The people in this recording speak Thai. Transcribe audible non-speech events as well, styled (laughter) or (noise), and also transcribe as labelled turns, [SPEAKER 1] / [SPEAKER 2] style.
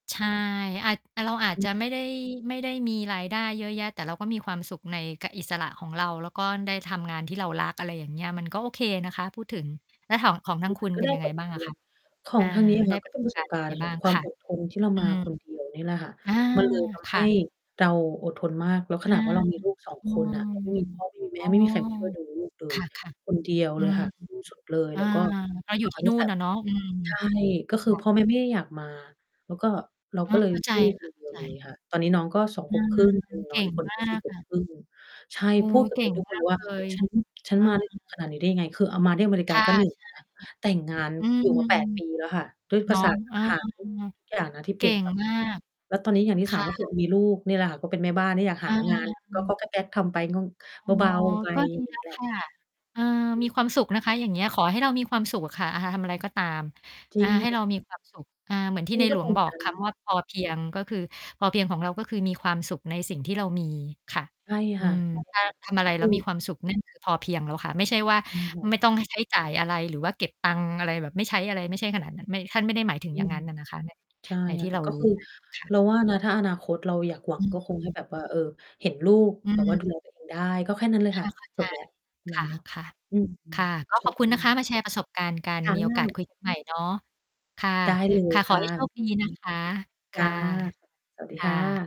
[SPEAKER 1] ใช่ อาจ อะ เราอาจ
[SPEAKER 2] อึ
[SPEAKER 1] จ
[SPEAKER 2] อ
[SPEAKER 1] ะไม่ได้ ไม่ได้มีรายได้เยอะแยะ แต่เราก็มีความสุขใน ก อิสระของเรา แล้วก็ได้ทำงานที่เรารัก อะไรอย่างเงี้ย มันก็โอเคนะคะ พูดถึง แล้วถอง ของท
[SPEAKER 2] ค
[SPEAKER 1] า
[SPEAKER 2] ื
[SPEAKER 1] ง
[SPEAKER 2] อ
[SPEAKER 1] ค
[SPEAKER 2] ม
[SPEAKER 1] ุ
[SPEAKER 2] ั
[SPEAKER 1] ณ
[SPEAKER 2] นก็
[SPEAKER 1] เป็
[SPEAKER 2] ไ
[SPEAKER 1] น
[SPEAKER 2] ด้
[SPEAKER 1] ยังไ
[SPEAKER 2] บ
[SPEAKER 1] ง
[SPEAKER 2] ท
[SPEAKER 1] บ
[SPEAKER 2] เ
[SPEAKER 1] ้
[SPEAKER 2] ร
[SPEAKER 1] างอ
[SPEAKER 2] ี
[SPEAKER 1] ะ
[SPEAKER 2] ย
[SPEAKER 1] คะ?
[SPEAKER 2] น ขอ
[SPEAKER 1] อ่
[SPEAKER 2] ง
[SPEAKER 1] า
[SPEAKER 2] ทางนี้ อะ
[SPEAKER 1] ไ
[SPEAKER 2] ค
[SPEAKER 1] ด้
[SPEAKER 2] ่ะ ก
[SPEAKER 1] ป
[SPEAKER 2] ็
[SPEAKER 1] ร
[SPEAKER 2] เ
[SPEAKER 1] ะ
[SPEAKER 2] ป็
[SPEAKER 1] ส
[SPEAKER 2] น
[SPEAKER 1] บ
[SPEAKER 2] ประ
[SPEAKER 1] ก
[SPEAKER 2] ส
[SPEAKER 1] า
[SPEAKER 2] บ
[SPEAKER 1] รณ์
[SPEAKER 2] ก
[SPEAKER 1] ยัง
[SPEAKER 2] า
[SPEAKER 1] ไ
[SPEAKER 2] ร
[SPEAKER 1] ง
[SPEAKER 2] ณ์ข
[SPEAKER 1] บ
[SPEAKER 2] อ
[SPEAKER 1] ้า
[SPEAKER 2] ง
[SPEAKER 1] ง
[SPEAKER 2] ควา
[SPEAKER 1] ค
[SPEAKER 2] ม
[SPEAKER 1] ่ะ?
[SPEAKER 2] อดทน ที่เรา
[SPEAKER 1] อื
[SPEAKER 2] มา
[SPEAKER 1] ม
[SPEAKER 2] คนเดียว นี่แหละค่ะ
[SPEAKER 1] อา
[SPEAKER 2] มันเลยท
[SPEAKER 1] ค
[SPEAKER 2] ำให
[SPEAKER 1] ่
[SPEAKER 2] ้
[SPEAKER 1] ะ
[SPEAKER 2] เราอดทนมาก แล้ว
[SPEAKER 1] อ
[SPEAKER 2] ข
[SPEAKER 1] า
[SPEAKER 2] นาดว่า เรามีลูก 2
[SPEAKER 1] อื
[SPEAKER 2] คน
[SPEAKER 1] ม
[SPEAKER 2] น่ะ เราไม่มีพ่อไม่มีแ
[SPEAKER 1] อ
[SPEAKER 2] ม
[SPEAKER 1] ้
[SPEAKER 2] ่
[SPEAKER 1] อ
[SPEAKER 2] ไม่มี ใครมาช่วยดูลูกเล
[SPEAKER 1] ค
[SPEAKER 2] ย
[SPEAKER 1] ่ะ
[SPEAKER 2] คนเดียว
[SPEAKER 1] ๆ อื
[SPEAKER 2] เลย
[SPEAKER 1] ม
[SPEAKER 2] ค่ะ ที่สุด เลย
[SPEAKER 1] อา
[SPEAKER 2] แล้ว ก็
[SPEAKER 1] เราอ
[SPEAKER 2] อ
[SPEAKER 1] ยู่
[SPEAKER 2] ะ เอ
[SPEAKER 1] ที
[SPEAKER 2] า
[SPEAKER 1] ่น
[SPEAKER 2] ตั
[SPEAKER 1] ู
[SPEAKER 2] ้
[SPEAKER 1] ่
[SPEAKER 2] งแต
[SPEAKER 1] น
[SPEAKER 2] ่
[SPEAKER 1] น่ะเนาะ อืม
[SPEAKER 2] ใช่ ก็
[SPEAKER 1] ค
[SPEAKER 2] คือ
[SPEAKER 1] ่ะ
[SPEAKER 2] พ่อแม่ไม่ได้อยากมา แล้วก็ เรา
[SPEAKER 1] อ๋อ
[SPEAKER 2] ก็เล
[SPEAKER 1] เข
[SPEAKER 2] ย
[SPEAKER 1] ้าใจ
[SPEAKER 2] สู้
[SPEAKER 1] ค
[SPEAKER 2] ค
[SPEAKER 1] ่ะ
[SPEAKER 2] นเ
[SPEAKER 1] เข
[SPEAKER 2] ดี
[SPEAKER 1] ้า
[SPEAKER 2] ยว
[SPEAKER 1] ใ
[SPEAKER 2] เลย
[SPEAKER 1] จ
[SPEAKER 2] ค่ะ ตอนนี้น้องก็ 2
[SPEAKER 1] อ
[SPEAKER 2] ข
[SPEAKER 1] ื
[SPEAKER 2] วบค
[SPEAKER 1] ม
[SPEAKER 2] รึ่ง อือ
[SPEAKER 1] เ
[SPEAKER 2] น
[SPEAKER 1] ก
[SPEAKER 2] ้อ
[SPEAKER 1] ่
[SPEAKER 2] งอี
[SPEAKER 1] ง
[SPEAKER 2] กคน
[SPEAKER 1] มา
[SPEAKER 2] ก็ 4
[SPEAKER 1] ก
[SPEAKER 2] ขว
[SPEAKER 1] ค
[SPEAKER 2] บ
[SPEAKER 1] ่ะ
[SPEAKER 2] ครึ่ง ใช่
[SPEAKER 1] โอ้
[SPEAKER 2] พูดแบ
[SPEAKER 1] เ
[SPEAKER 2] บ
[SPEAKER 1] ก่
[SPEAKER 2] นี้
[SPEAKER 1] ง
[SPEAKER 2] ทุก
[SPEAKER 1] ม
[SPEAKER 2] คน
[SPEAKER 1] า
[SPEAKER 2] เล
[SPEAKER 1] ก
[SPEAKER 2] ยว
[SPEAKER 1] เ
[SPEAKER 2] ่า
[SPEAKER 1] ลย
[SPEAKER 2] ฉัน ฉั
[SPEAKER 1] เอ
[SPEAKER 2] นมา ได้
[SPEAKER 1] อ
[SPEAKER 2] ขนาดนี้ได้ยังไง? คือเอามาที่อเมริ
[SPEAKER 1] ค
[SPEAKER 2] กา
[SPEAKER 1] ่ะ
[SPEAKER 2] ก็
[SPEAKER 1] ใช่
[SPEAKER 2] 1
[SPEAKER 1] ค่ะ
[SPEAKER 2] แล้ว แต่งงาน
[SPEAKER 1] (unintelligible) อื
[SPEAKER 2] อยู่
[SPEAKER 1] ม
[SPEAKER 2] มา 8 ปีแล้วค่ะ ด้วย
[SPEAKER 1] เ
[SPEAKER 2] ภ
[SPEAKER 1] นา
[SPEAKER 2] า
[SPEAKER 1] ะ
[SPEAKER 2] ษา
[SPEAKER 1] เออ
[SPEAKER 2] อาหาร ทุก ทุกอย่าง นะที่เ
[SPEAKER 1] เ
[SPEAKER 2] ป
[SPEAKER 1] ก
[SPEAKER 2] ลี่
[SPEAKER 1] ่
[SPEAKER 2] ยน ไ
[SPEAKER 1] ง
[SPEAKER 2] ป
[SPEAKER 1] มาก
[SPEAKER 2] แล้วตอนนี้อย่างที
[SPEAKER 1] ค
[SPEAKER 2] ่ 3
[SPEAKER 1] ่
[SPEAKER 2] ก็คือ
[SPEAKER 1] ะ
[SPEAKER 2] มีลูกนี่แหละค่ะ ก็เป็นแม่บ้านที่อยากห
[SPEAKER 1] อ
[SPEAKER 2] า
[SPEAKER 1] า
[SPEAKER 2] งานก๊อก ๆ แก๊ก ๆ ทำไปง่อง
[SPEAKER 1] อ๋อ
[SPEAKER 2] เบา ๆ ไป
[SPEAKER 1] ก็
[SPEAKER 2] อ
[SPEAKER 1] ด
[SPEAKER 2] ย
[SPEAKER 1] ี
[SPEAKER 2] ่าง
[SPEAKER 1] แล
[SPEAKER 2] น
[SPEAKER 1] ้
[SPEAKER 2] ี้
[SPEAKER 1] ว
[SPEAKER 2] แหล
[SPEAKER 1] ค
[SPEAKER 2] ะ
[SPEAKER 1] ่ะ เออ
[SPEAKER 2] อื
[SPEAKER 1] มี
[SPEAKER 2] ม
[SPEAKER 1] ความสุข
[SPEAKER 2] ค
[SPEAKER 1] น
[SPEAKER 2] ่
[SPEAKER 1] ะ
[SPEAKER 2] ะ
[SPEAKER 1] คะ อย่างเงี้ย ขอให้เรามีความสุขอะค่ะ อะ หะ ทำ อะไรก็ตาม
[SPEAKER 2] จ
[SPEAKER 1] อ
[SPEAKER 2] ริ
[SPEAKER 1] า
[SPEAKER 2] ง
[SPEAKER 1] ใ
[SPEAKER 2] ค
[SPEAKER 1] ห้
[SPEAKER 2] ่ะ
[SPEAKER 1] เรา มีความสุข อา เหมือนที
[SPEAKER 2] แค่
[SPEAKER 1] ใ
[SPEAKER 2] น
[SPEAKER 1] น
[SPEAKER 2] ี้ก
[SPEAKER 1] หล
[SPEAKER 2] ็
[SPEAKER 1] ว
[SPEAKER 2] ภ
[SPEAKER 1] ง
[SPEAKER 2] ูม
[SPEAKER 1] บ
[SPEAKER 2] ิใ
[SPEAKER 1] อ
[SPEAKER 2] จ
[SPEAKER 1] ก คำว่า "พอเพียง" ก็คือ พอเพียงของเราก็คือมีความสุขในสิ่งที่เรามี ค่ะ
[SPEAKER 2] ใช่
[SPEAKER 1] อื
[SPEAKER 2] ค่ะ
[SPEAKER 1] ม
[SPEAKER 2] ใช่
[SPEAKER 1] ถ้า
[SPEAKER 2] ค่ะ
[SPEAKER 1] ทำอะไร
[SPEAKER 2] ค
[SPEAKER 1] แล้
[SPEAKER 2] ื
[SPEAKER 1] วมี
[SPEAKER 2] อ
[SPEAKER 1] ความสุข นั่นคือ พอเพียงแล้วค่ะ ไม่ใช่ว่า
[SPEAKER 2] อืม ค่ะ
[SPEAKER 1] ไม่ต้อง ให้ ใช้จ่ายอะไร หรือว่าเก็บตังค์อะไรแบบไม่ใช้อะไร ไม่ใช่ขนาด นั้น ไม่ ท่านไม่ได้หมายถ
[SPEAKER 2] อ
[SPEAKER 1] ึง
[SPEAKER 2] ื
[SPEAKER 1] อย่าง
[SPEAKER 2] ม
[SPEAKER 1] งั้นน่ะนะคะ ใน
[SPEAKER 2] ใช่
[SPEAKER 1] ในที่
[SPEAKER 2] ค
[SPEAKER 1] เ
[SPEAKER 2] ่ะ
[SPEAKER 1] รา
[SPEAKER 2] ก็
[SPEAKER 1] รู
[SPEAKER 2] ค
[SPEAKER 1] ้
[SPEAKER 2] ือ
[SPEAKER 1] มาอะค่ะ
[SPEAKER 2] เราว่านะ ถ้าอนาคตเราอยากหวั
[SPEAKER 1] อ
[SPEAKER 2] ง
[SPEAKER 1] ื
[SPEAKER 2] ก็ คง ให้
[SPEAKER 1] ม
[SPEAKER 2] แบบว่า เออ เห็นลูก
[SPEAKER 1] อื
[SPEAKER 2] แบบว่า
[SPEAKER 1] ม
[SPEAKER 2] ดูแลตัวเอง ได้ ก็แค่นั้นเลย
[SPEAKER 1] ค
[SPEAKER 2] ค
[SPEAKER 1] ่
[SPEAKER 2] ่
[SPEAKER 1] ะ
[SPEAKER 2] ะ
[SPEAKER 1] เข้าใ
[SPEAKER 2] จ
[SPEAKER 1] จ
[SPEAKER 2] บแล้ว
[SPEAKER 1] ค่ะ
[SPEAKER 2] เนาะ อืม
[SPEAKER 1] ๆ ค่ะ ก็
[SPEAKER 2] ใช
[SPEAKER 1] ขอบคุณนะคะ
[SPEAKER 2] ่
[SPEAKER 1] มาแชร์ประสบการณ์กัน
[SPEAKER 2] ค่
[SPEAKER 1] มีโอกาส
[SPEAKER 2] ะ
[SPEAKER 1] คุย กันใหม่ เนาะ ค่ะ
[SPEAKER 2] ได้ เลย
[SPEAKER 1] ๆ
[SPEAKER 2] ค
[SPEAKER 1] ขอ
[SPEAKER 2] ่ะ
[SPEAKER 1] ให้โช
[SPEAKER 2] ไว้
[SPEAKER 1] ค
[SPEAKER 2] ค
[SPEAKER 1] ด
[SPEAKER 2] ุย
[SPEAKER 1] ี
[SPEAKER 2] อีกคร
[SPEAKER 1] น
[SPEAKER 2] ั้
[SPEAKER 1] ะ
[SPEAKER 2] ง
[SPEAKER 1] คะ ค
[SPEAKER 2] จ้
[SPEAKER 1] ่
[SPEAKER 2] ะ
[SPEAKER 1] ะ
[SPEAKER 2] สะ สวัสดี
[SPEAKER 1] ค่
[SPEAKER 2] ค่ะ
[SPEAKER 1] ะ